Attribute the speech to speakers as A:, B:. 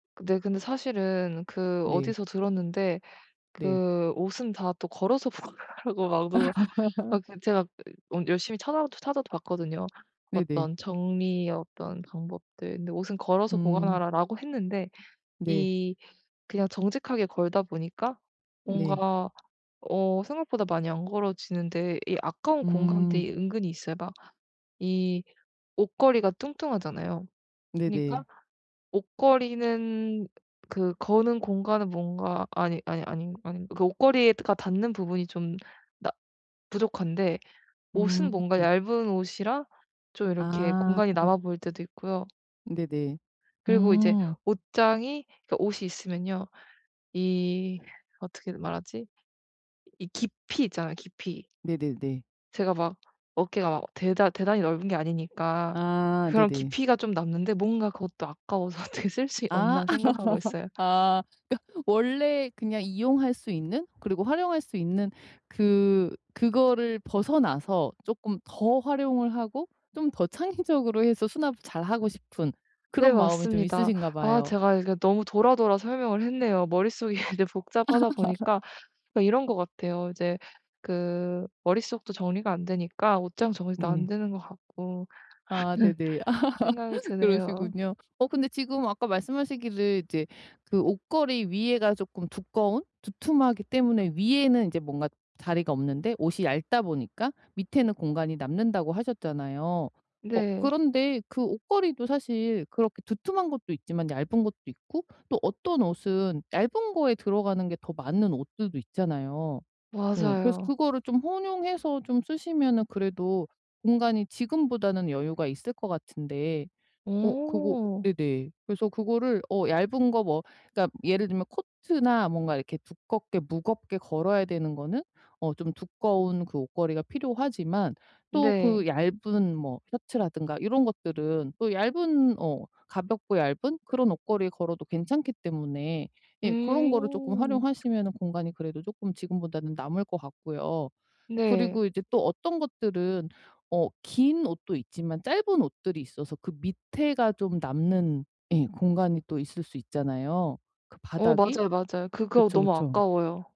A: 네. 근데 사실은 그
B: 네.
A: 어디서 들었는데
B: 네.
A: 그 옷은 다 또 걸어서 보관하라고 막 누가 막 그냥 제가 어 열심히 찾아 찾아도 봤거든요.
B: 네네.
A: 어떤 정리의 어떤 방법들. 근데 '옷은 걸어서
B: 음.
A: 보관하라.'라고 했는데,
B: 네.
A: 이 그냥 정직하게 걸다 보니까
B: 네.
A: 뭔가 어 생각보다 많이 안 걸어지는데 이 아까운
B: 음.
A: 공간들이 은근히 있어요. 막 이 옷걸이가 뚱뚱하잖아요.
B: 네네.
A: 그러니까 옷걸이는 그 거는 공간은 뭔가 아니 아니 아니 아니 옷걸이가 닿는 부분이 좀 나 부족한데 옷은
B: 음.
A: 뭔가 얇은 옷이라 좀 이렇게
B: 아.
A: 공간이 남아 보일 때도 있고요.
B: 네네.
A: 그리고 이제
B: 음.
A: 옷장이 그러니까 옷이 있으면요. 이 어떻게 말하지 이 깊이 있잖아요 깊이.
B: 네네네.
A: 제가 막 어깨가 막 대단 대단히 넓은 게 아니니까
B: 아
A: 그런
B: 네네.
A: 깊이가 좀 남는데 뭔가 그것도 아까워서 어떻게 쓸 수
B: 아
A: 없나 생각하고 있어요.
B: 아 그러니까 원래 그냥 이용할 수 있는 그리고 활용할 수 있는 그 그거를 벗어나서 쪼끔 더 활용을 하고 좀 더 창의적으로 해서 수납을 잘하고 싶은
A: 네,
B: 그런 마음이 좀
A: 맞습니다.
B: 있으신가
A: 아
B: 봐요.
A: 제가 이게 너무 돌아, 돌아 설명을 했네요. 머릿속이
B: 아.
A: 이제 복잡하다 보니까 이런 것 같아요. 이제 그 머릿속도 정리가 안 되니까 옷장 정리도 안
B: 네.
A: 되는 것 같고
B: 아
A: 하는
B: 네네.
A: 생각이 드네요.
B: 그러시군요. 어 근데 지금 아까 말씀하시기를 이제 그 옷걸이 위에가 쪼끔 두꺼운 두툼하기 때문에 위에는 인제 뭔가 자리가 없는데 옷이 얇다 보니까 밑에는 공간이 남는다고 하셨잖아요. 어
A: 네.
B: 그런데 그 옷걸이도 사실 그렇게 두툼한 것도 있지만 얇은 것도 있고 또 어떤 옷은 얇은 거에 들어가는 게 더 맞는 옷들도 있잖아요. 어 그래서
A: 맞아요.
B: 그거를 좀 혼용해서 좀 쓰시면은 그래도 공간이 지금보다는 여유가 있을 것 같은데, 어 그거
A: 어.
B: 네네 그래서 그거를 어 얇은 거 뭐 그러니까 예를 들면 코트나 뭔가 이렇게 두껍게 무겁게 걸어야 되는 거는 어 좀 두꺼운 그 옷걸이가 필요하지만 또
A: 네.
B: 그 얇은 뭐 셔츠라든가 이런 것들은 또 얇은 어 가볍고 얇은 그런 옷걸이에 걸어도 괜찮기 때문에 예 그런 거를 쪼끔
A: 음.
B: 활용하시면은 공간이 그래도 쪼금 지금보다는 남을 것 같고요.
A: 네.
B: 그리고 이제 또 어떤 것들은 어 긴 옷도 있지만 짧은 옷들이 있어서 그 밑에가 좀 예 남는 공간이 또 있을 수 있잖아요. 그
A: 어
B: 바닥이.
A: 맞아요, 맞아요. 그거
B: 그쵸,
A: 너무
B: 그쵸.
A: 아까워요.